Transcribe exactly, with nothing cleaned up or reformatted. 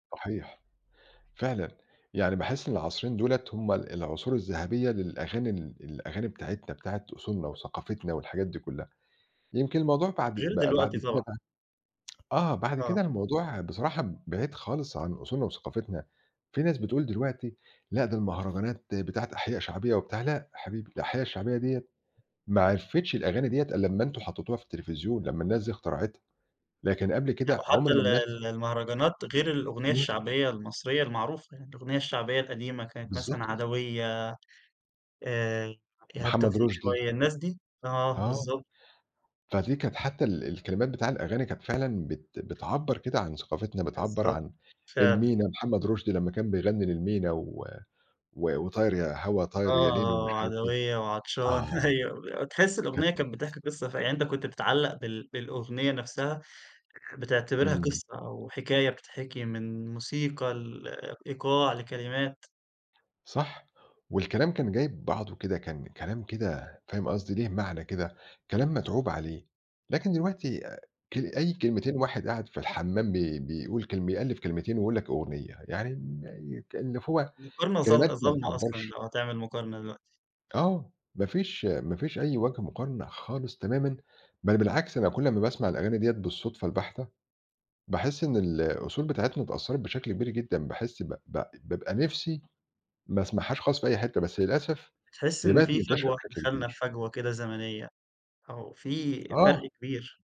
صحيح. فعلًا. يعني باحِس إن العصرين دُولَة هم ال العصور الذهبية للأغاني ال الأغاني بتاعتنا بتاعة أصولنا وثقافتنا والحاجات دي كُلّها. يمكن الموضوع بعد غير بقى دلوقتي بعد كده طبعًا. بقى آه. بعد آه. كده الموضوع بصراحة ب بعيد خالص عن أصولنا وثقافتنا. في ناس بتقول دلوقتي لأ ده المهرجانات بتاعة أحياء شعبية وبتاع لأ حبيبي، الأحياء الشعبية ديّة ما عرفتش الأغاني ديّة ألّا أمّا أنتم حطّيتوها في التليفزيون، لمّا الناس دي اخترعتها، لكن قبل لأ كده عُمْر وحتّى ما ال الناس ال المهرجانات غير الأغنية إمم. الشعبية المصرية المعروفة، يعني الأغنية الشعبية القديمة كانت مثلًا بالضبط. عدوية، آآ إيهاب محمد توفيق رُشدي. شوية الناس دي آه آه. بالضبط. فدي كانت حتّى ال الكلمات بتاع الأغاني كانت فعلًا بت بتعبّر كده عن ثقافتنا، بتعبّر بالضبط. عن فعلًا. المينا محمد رُشدي لمّا كان بيغنّي للمينا و و وطاير يا هوا آه، طاير يا ليل آه، ومش آه عارف إيه، عدوية وعطشان آه. أيوه. ب وتحِس كانت الأغنية كانت بتحكي قصة ف يعني أنت كنت بتتعلّق بال بالأغنية نَفْسها آآ بتعتبرها إمم. قصة أو حكاية بتتحكي من موسيقى، لإيقاع، لكلمات. صح، والكلام كان جايب بعضه كده، كان كلام كده فاهم قصدي؟ ليه معنى كده، كلام مَتعوب عليه. لكن دلوقتي كل أي [unintelligible] كلمتين واحد قاعد في الحمام بي بيقول كلم بيألِّف كلمتين ويقول لك أغنية، يعني إن يك اللي فو مقارنة كلمات ظال ما ظالمة أصلًا بتعبّرش. لو هتعمل مقارنة دلوقتي. آه. ما فيش ما فيش أي وَجه مقارن خالص تمامًا بل بالعكس، أنا كل أمّا باسمع الأغاني دِيّة بالصدفة الباحتة، باحِس إن الأصول بتاعتنا اتأثّرت بشكل كبير جدًا، باحِس بق بق بابقى نِفسي ما أسمعهاش خاص في أي حتّة، بس للأسف بتحِس هي إن بقت في منتشرة فجوة، بشكل دخلنا في كبير. فجوة كده زمنية أو في فَرْق آه. كبير.